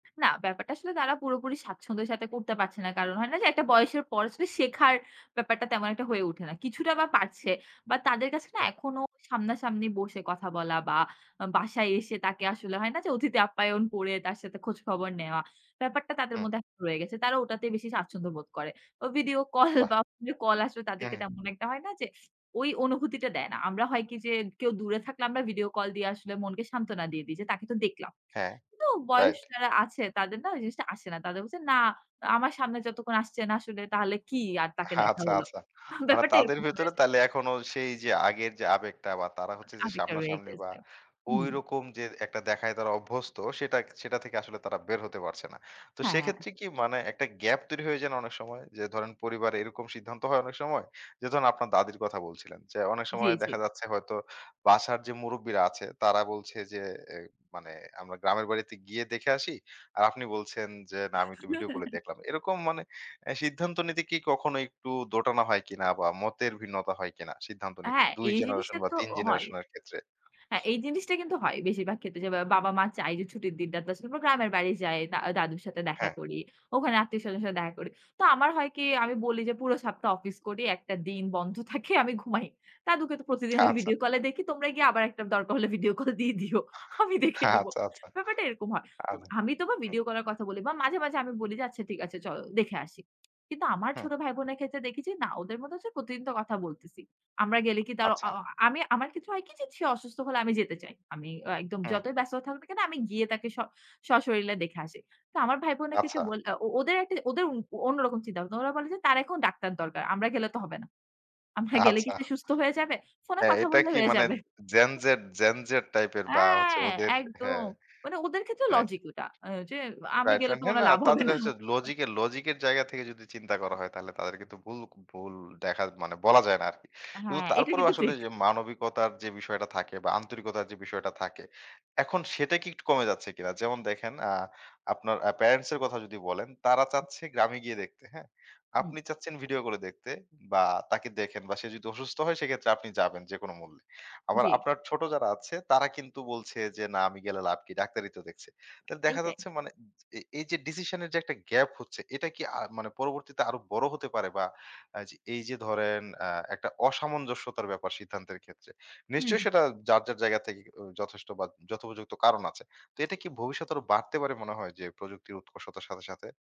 না ব্যাপারটা আসলে তারা পুরোপুরি স্বাচ্ছন্দ্যের সাথে করতে পারছে না। কারণ হয় না যে, একটা বয়সের পর শেখার, ব্যাপারটা তেমন একটা হয়ে উঠে না। কিছুটা বা পারছে, বা তাদের কাছে না হ্যাঁ। এখনো সামনাসামনি বসে কথা বলা বা বাসায় এসে তাকে আসলে হয় না যে, অতিথি আপ্যায়ন করে তার সাথে খোঁজ খবর নেওয়া। ব্যাপারটা তাদের হ্যাঁ। মধ্যে [unintelligible] রয়ে গেছে। তারা ওটাতে বেশি স্বাচ্ছন্দ্যবোধ করে। ও ভিডিও কল বাহ! বা কল আসবে হুম, তাদেরকে হুম। তেমন একটা হয় না যে, অনুভূতিটা দেয় না। আমরা হয় কি যে, কেউ দূরে থাকলে আমরা ভিডিও কল দিয়ে আসলে মনকে সান্ত্বনা দিয়ে দিই। যে, তাকে তো দেখলাম। হ্যাঁ, তো বয়স রাইট। যারা আছে তাদের না ওই জিনিসটা আসে না। তাদের বলছে না আমার সামনে যতক্ষণ আসছে না আসলে তাহলে কি আর তাকে দেখা আচ্ছা, হল। আচ্ছা হা মানে ব্যাপারটা তাদের এরকম হয়ে যায়। ভিতরে তাইলে এখনো সেই যে, আগের যে, আবেগটা বা তারা হচ্ছে যে, আবেগ টা রয়ে সামনাসামনি বা গেছে। হুম। ওইরকম যে, একটা দেখায় তারা অভ্যস্ত সেটা, সেটা থেকে আসলে তারা বের হতে পারছে না। তো হ্যাঁ, হ্যাঁ। সেক্ষেত্রে কি মানে একটা গ্যাপ তৈরি হয়ে যায় না অনেক সময়? যে, ধরেন পরিবারে এরকম সিদ্ধান্ত হয় অনেক সময়। যে, ধরেন আপনার দাদীর কথা বলছিলেন, অনেক জ্বী, সময় জ্বী। দেখা যাচ্ছে হয়তো বাসার যে, মুরুব্বিরা আছে তারা বলছে যে, এই মানে আমরা গ্রামের বাড়িতে গিয়ে দেখে আসি। আর আপনি বলছেন যে, না আমি একটু ভিডিও কলে দেখলাম। এরকম মানে এ্যা সিদ্ধান্ত নিতে কি কখনো একটু দোটানো হয় কিনা বা মতের ভিন্নতা হয় কিনা? সিদ্ধান্ত নিতে হ্যাঁ, ২ এই জিনিসটা জেনারেশন বা তো ৩ হয়। জেনারেশন এর ক্ষেত্রে। হ্যাঁ, এই জিনিসটা কিন্তু হয়। বেশিরভাগ ক্ষেত্রে যে, বাবা-মা চায় যে, ছুটির দিন টা তে [unintelligible] গ্রামের বাড়ি যাই। দা দাদুর সাথে দেখা হ্যাঁ। করি। ওখানে আত্মীয়-স্বজনের সাথে দেখা করি। তো আমার হয় কি আমি বলি যে, পুরো সপ্তাহ অফিস করি, একটা দিন বন্ধ থাকে আমি ঘুমাই দাদুকে তো প্রতিদিন আমি আচ্ছা। ভিডিও কল এ দেখি। তোমরা গিয়ে আবার একটা দরকার হলে ভিডিও কল দিয়ে দিও আমি দেখে নিবো আচ্ছা, আচ্ছা আচ্ছা। ব্যাপারটা এরকম হয়। আমি আচ্ছা। তো বা ভিডিও কল এর কথা বলে। মাঝে, মাঝে, আমি বলি যে, আচ্ছা ঠিক আছে চল দেখে আসি। কিন্তু আমার হুম। ছোট ভাই বোনের ক্ষেত্রে দেখেছি না ওদের মধ্যে হচ্ছে প্রতিদিন তো কথা বলতেছি। আমরা গেলে কি তার অ আ আচ্ছা। আমি আমার ক্ষেত্রে হয় কি যে, সে অসুস্থ হলে আমি যেতে চাই। আমি একদম হুম। যতই ব্যস্ত থাকুক না কেন আমি গিয়ে তাকে স সশরীরে দেখে আসি। তো আমার ভাই বোনের ক্ষেত্রে আচ্ছা। বোলঅ ও ওদের, ওদের অন্যরকম চিন্তা। ওরা বলে যে, তার এখন ডাক্তার দরকার। আমরা গেলে তো হবে না। আমরা গেলে কি আচ্ছা সে সুস্থ হয়ে যাবে? ফোনে হ্যাঁ, কথা এটা বললে কি হয়ে মানে যাবে। জেনজেট, জেনজেট টাইপের অ্যা বা হচ্ছে ওদের একদম। হ্যাঁ। মানে ওদের ক্ষেত্রেও রাইট। লজিক ওটা, এ্যাঁ যে, আমি রাইট গেলে ফ্রেন্ড তো হ্যাঁ, মনে না হয় লাভ হবে তাদের না। হচ্ছে লজিকের লজিক, এর জায়গা থেকে যদি চিন্তা করা হয় তাহলে তাদের কিন্তু ভুল, ভুল, দেখা মানে বলা যায় না আরকি। কিন্তু হ্যাঁ, এটা তারপরেও কিন্তু আসলে ঠিক। যে, মানবিকতার যে, বিষয়টা থাকে বা আন্তরিকতার যে, বিষয়টা থাকে, এখন সেটা কি একটু কমে যাচ্ছে কিনা? যেমন দেখেন এ্যাঁ আপনার আ প্যারেন্টস এর কথা যদি বলেন, তারা চাচ্ছে গ্রামে গিয়ে দেখতে। হ্যাঁ? হুম। আপনি চাচ্ছেন ভিডিও করে দেখতে বা তাকে দেখেন বা সে যদি অসুস্থ হয় সেক্ষেত্রে আপনি যাবেন। যেকোন মূল্যে। আবার জ্বী। আপনার ছোট যারা আছে তারা কিন্তু বলছে যে, না আমি গেলে লাভ কি ডাক্তারি তো দেখছে। তাহলে দেখা এইটাই। যাচ্ছে মানে এই, এই, যে, ডিসিশন এর যে, একটা গ্যাপ হচ্ছে এটা কি আ মানে পরবর্তীতে আরো বড় হতে পারে বা এ্যাঁ এই যে, ধরেন এ্যাঁ একটা অসামঞ্জস্যতার ব্যাপার সিদ্ধান্তের ক্ষেত্রে নিশ্চয়ই হুম। সেটা যার, যার, জায়গা থেকে উ যথেষ্ট বা যথোপযুক্ত কারণ আছে। তো এটা কি ভবিষ্যতে আরো বাড়তে পারে মনে হয় যে, প্রযুক্তির উৎকর্ষতার সাথে, সাথে?